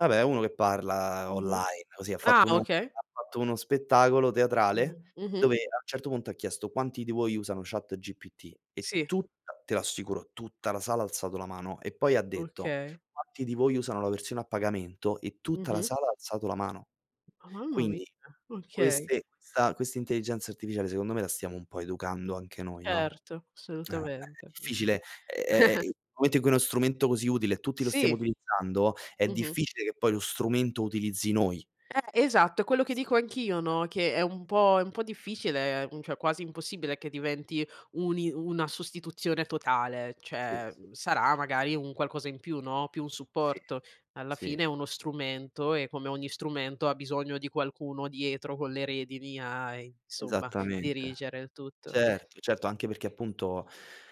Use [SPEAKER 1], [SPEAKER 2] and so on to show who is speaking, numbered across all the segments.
[SPEAKER 1] Vabbè, è uno che parla
[SPEAKER 2] Mh-mh.
[SPEAKER 1] online, così ha
[SPEAKER 2] Ah
[SPEAKER 1] fatto uno
[SPEAKER 2] okay.
[SPEAKER 1] ha fatto uno spettacolo
[SPEAKER 2] Mh-mh.
[SPEAKER 1] teatrale
[SPEAKER 2] Mh-mh.
[SPEAKER 1] dove a un certo punto ha chiesto: "Quanti di voi usano chatGPT?" E
[SPEAKER 2] Sì.
[SPEAKER 1] tutta, te lo assicuro, tutta la sala ha alzato la mano e poi ha detto:
[SPEAKER 2] Okay.
[SPEAKER 1] "Quanti di voi usano la versione a pagamento?" E tutta la
[SPEAKER 2] Mh-mh.
[SPEAKER 1] sala ha alzato la mano!
[SPEAKER 2] Mamma mia!
[SPEAKER 1] Quindi
[SPEAKER 2] Okay.
[SPEAKER 1] queste questa questa intelligenza artificiale secondo me la stiamo un po' educando anche noi, no,
[SPEAKER 2] Certo,
[SPEAKER 1] eh è è
[SPEAKER 2] assolutamente, mh-mh.
[SPEAKER 1] difficile è ehm, nel momento in cui uno strumento così utile e tutti lo stiamo
[SPEAKER 2] Sì.
[SPEAKER 1] utilizzando è
[SPEAKER 2] Mh-mh.
[SPEAKER 1] difficile che poi lo strumento utilizzi noi.
[SPEAKER 2] Eh! Esatto, è quello che dico anch'io,
[SPEAKER 1] [unintelligible]
[SPEAKER 2] no, che è un po' è un po' difficile, ehm, cioè quasi impossibile che diventi un i una sostituzione totale,
[SPEAKER 1] Sì,
[SPEAKER 2] cioè,
[SPEAKER 1] sì,
[SPEAKER 2] ehm,
[SPEAKER 1] sì.
[SPEAKER 2] sarà magari un qualcosa in più, no, più un
[SPEAKER 1] Sì.
[SPEAKER 2] supporto. Alla
[SPEAKER 1] Sì.
[SPEAKER 2] fine è uno strumento e come ogni strumento ha bisogno di qualcuno dietro con le redini a, insomma,
[SPEAKER 1] Esattamente.
[SPEAKER 2] dirigere il tutto.
[SPEAKER 1] Certo, certo, anche perché appunto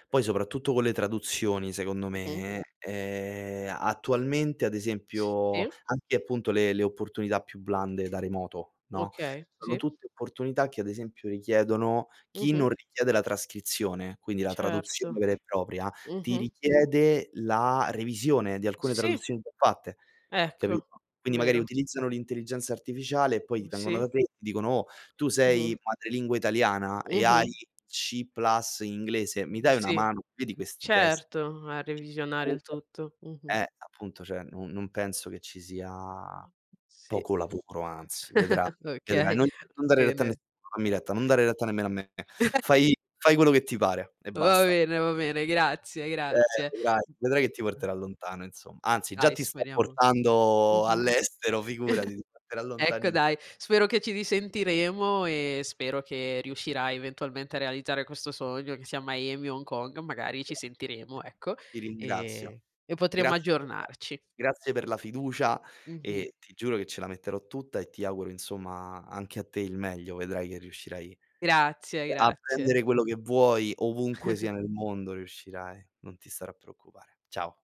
[SPEAKER 1] poi soprattutto con le traduzioni secondo
[SPEAKER 2] Mh-mh.
[SPEAKER 1] me, ehm, attualmente ad esempio
[SPEAKER 2] Sì.
[SPEAKER 1] anche, appunto le le opportunità più blande da remoto, no,
[SPEAKER 2] Okay.
[SPEAKER 1] sono
[SPEAKER 2] Sì
[SPEAKER 1] tutte opportunità che ad esempio richiedono chi
[SPEAKER 2] Mh-mh.
[SPEAKER 1] non richiede la trascrizione, quindi la traduzione
[SPEAKER 2] Certo.
[SPEAKER 1] vera e propria, ti
[SPEAKER 2] Mh-mh.
[SPEAKER 1] richiede la revisione di alcune
[SPEAKER 2] Sì.
[SPEAKER 1] traduzioni già fatte,
[SPEAKER 2] Ecco,
[SPEAKER 1] capito? Quindi magari
[SPEAKER 2] vero.
[SPEAKER 1] utilizzano l'intelligenza artificiale e poi ti vengono
[SPEAKER 2] Sì.
[SPEAKER 1] da te e ti dicono: "Oh tu sei
[SPEAKER 2] Mh-mh.
[SPEAKER 1] di madrelingua italiana e hai
[SPEAKER 2] Mh-mh.
[SPEAKER 1] C plus inglese, mi
[SPEAKER 2] Mhmm,
[SPEAKER 1] dai una
[SPEAKER 2] sì.
[SPEAKER 1] mano? Vedi questi testi?"
[SPEAKER 2] Certo, a
[SPEAKER 1] E
[SPEAKER 2] revisionare il
[SPEAKER 1] comunque
[SPEAKER 2] tutto. Mh-mh.
[SPEAKER 1] eh appunto, cioè, non non penso che ci sia
[SPEAKER 2] [unintelligible] Sì.
[SPEAKER 1] poco lavoro, anzi vedra
[SPEAKER 2] Okay,
[SPEAKER 1] vedrai. Non
[SPEAKER 2] va
[SPEAKER 1] non dare retta a
[SPEAKER 2] bene.
[SPEAKER 1] nessuno. Dammi retta, non dare retta nemmeno a me. Fai fai quello che ti pare e
[SPEAKER 2] Va
[SPEAKER 1] basta.
[SPEAKER 2] bene, va bene, grazie,
[SPEAKER 1] Eh,
[SPEAKER 2] grazie.
[SPEAKER 1] vedrai, vedrai che ti porterà lontano insom anzi, già
[SPEAKER 2] Dai
[SPEAKER 1] ti sta
[SPEAKER 2] speriamo.
[SPEAKER 1] portando
[SPEAKER 2] Mh-mh.
[SPEAKER 1] all'estero, figurati, ti porterà
[SPEAKER 2] Ecco
[SPEAKER 1] lontanissi
[SPEAKER 2] dai, spero che ci risentiremo e spero che riuscirai eventualmente a realizzare questo sogno, che sia a Miami o Hong Kong, magari
[SPEAKER 1] Grande
[SPEAKER 2] ci
[SPEAKER 1] [unintelligible]
[SPEAKER 2] sentiremo, ecco,
[SPEAKER 1] ti ringrazio.
[SPEAKER 2] e e potremo
[SPEAKER 1] Grazie per
[SPEAKER 2] aggiornarci.
[SPEAKER 1] grazie per la fiducia
[SPEAKER 2] Mh-mh.
[SPEAKER 1] e ti giuro che ce la metterò tutta e ti auguro insomma anche a te il meglio. Vedrai che riuscirai
[SPEAKER 2] Grazie,
[SPEAKER 1] a
[SPEAKER 2] grazie.
[SPEAKER 1] prendere quello che vuoi, ovunque sia nel mondo riuscirai. Non ti stare a preoccupare. Ciao.